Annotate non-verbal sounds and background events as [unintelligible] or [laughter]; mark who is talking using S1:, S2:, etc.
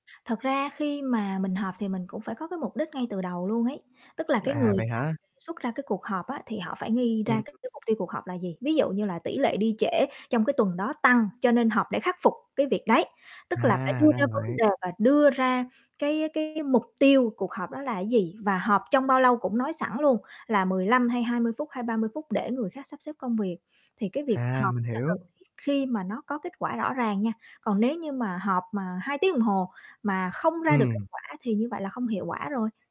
S1: Thật ra khi mà mình họp thì mình cũng phải có cái mục đích ngay từ đầu luôn ấy, tức là cái
S2: À,
S1: người
S2: vậy
S1: [unintelligible]
S2: hả?
S1: xuất ra cái cuộc họp á, thì họ phải nghi
S2: Ừm.
S1: ra cái cái mục tiêu cuộc họp là gì? Ví dụ như là tỉ lệ đi trễ trong cái tuần đó tăng cho nên họp để khắc phục cái việc đấy, tức là phải
S2: À,
S1: đưa
S2: ra
S1: ra vấn đề
S2: vậy.
S1: và đưa ra cái cái mục tiêu cuộc họp đó là cái gì? Và họp trong bao lâu cũng nói sẵn luôn là 15 hay 20 phút hay 30 phút để người khác sắp xếp công việc thì cái việc
S2: À,
S1: họp
S2: mình
S1: là cần
S2: hiểu.
S1: thiết khi mà nó có kết quả rõ ràng nha. Còn nếu như mà họp mà 2 tiếng đồng hồ mà không ra được kết
S2: Ừm.
S1: quả thì như vậy là không hiệu quả rồi.